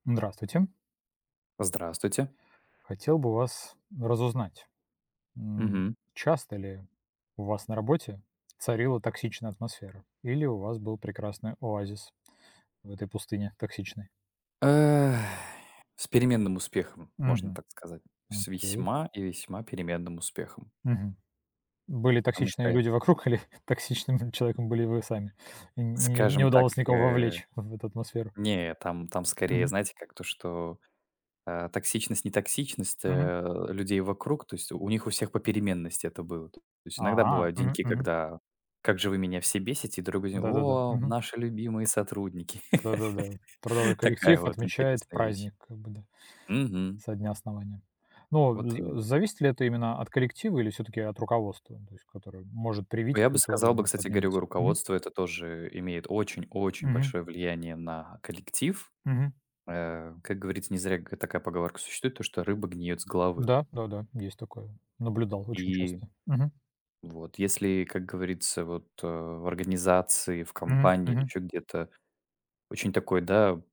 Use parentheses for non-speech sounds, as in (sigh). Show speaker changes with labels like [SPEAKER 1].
[SPEAKER 1] Здравствуйте.
[SPEAKER 2] Здравствуйте.
[SPEAKER 1] Хотел бы у вас, разузнать. М,
[SPEAKER 2] Мгм.
[SPEAKER 1] часто ли у вас на работе царила токсичная атмосфера, или у вас был прекрасный оазис в этой пустыне токсичной?
[SPEAKER 2] Э, с переменным успехом, можно
[SPEAKER 1] Мгм.
[SPEAKER 2] так сказать, с
[SPEAKER 1] Окей.
[SPEAKER 2] весьма и весьма переменным успехом.
[SPEAKER 1] Мгм. Были
[SPEAKER 2] Потому что
[SPEAKER 1] токсичные
[SPEAKER 2] я
[SPEAKER 1] люди вокруг, или токсичным, м, человеком были вы сами? Н не н не не
[SPEAKER 2] скажем так,
[SPEAKER 1] удалось никого
[SPEAKER 2] э,
[SPEAKER 1] вовлечь в эту атмосферу?
[SPEAKER 2] не, э, там там скорее,
[SPEAKER 1] Мгм.
[SPEAKER 2] знаете как, то что, а, токсичность не токсичность,
[SPEAKER 1] Мгм.
[SPEAKER 2] э, людей вокруг, то есть, э, у них у всех попеременности это было. То есть иногда
[SPEAKER 1] А.
[SPEAKER 2] бывают
[SPEAKER 1] Мгм
[SPEAKER 2] деньки,
[SPEAKER 1] мгм.
[SPEAKER 2] когда: "Как же вы меня все бесите!", Другой день:
[SPEAKER 1] Да-да-да.
[SPEAKER 2] "О
[SPEAKER 1] Мгм.
[SPEAKER 2] наши любимые сотрудники!"
[SPEAKER 1] Да-да-да, трудовой
[SPEAKER 2] (laughs) Такая
[SPEAKER 1] коллектив
[SPEAKER 2] вот
[SPEAKER 1] отмечает
[SPEAKER 2] интересная вещь.
[SPEAKER 1] праздник, как бы да,
[SPEAKER 2] Мгм.
[SPEAKER 1] со дня основания. Ну, а
[SPEAKER 2] Вот
[SPEAKER 1] за
[SPEAKER 2] именно.
[SPEAKER 1] зависит ли это именно от коллектива, или всё-таки от руководства, то есть которое может
[SPEAKER 2] О,
[SPEAKER 1] привить
[SPEAKER 2] я бы
[SPEAKER 1] культуру, а
[SPEAKER 2] сказал бы,
[SPEAKER 1] может
[SPEAKER 2] кстати говоря, э,
[SPEAKER 1] отменить? Мгм.
[SPEAKER 2] руководство это тоже, э, имеет очень очень
[SPEAKER 1] Мгм.
[SPEAKER 2] большое влияние на коллектив.
[SPEAKER 1] Мгм.
[SPEAKER 2] Э, как говорится, к не зря ка такая поговорка существует то, что "Рыба гниет с головы".
[SPEAKER 1] Да, да-да, есть такое. Наблюдал, очень
[SPEAKER 2] И,
[SPEAKER 1] часто. Мгм.
[SPEAKER 2] вот, если, как говорится вот, а, в организации, в
[SPEAKER 1] Мгм,
[SPEAKER 2] компании или
[SPEAKER 1] мгм.
[SPEAKER 2] еще где-то, очень такой да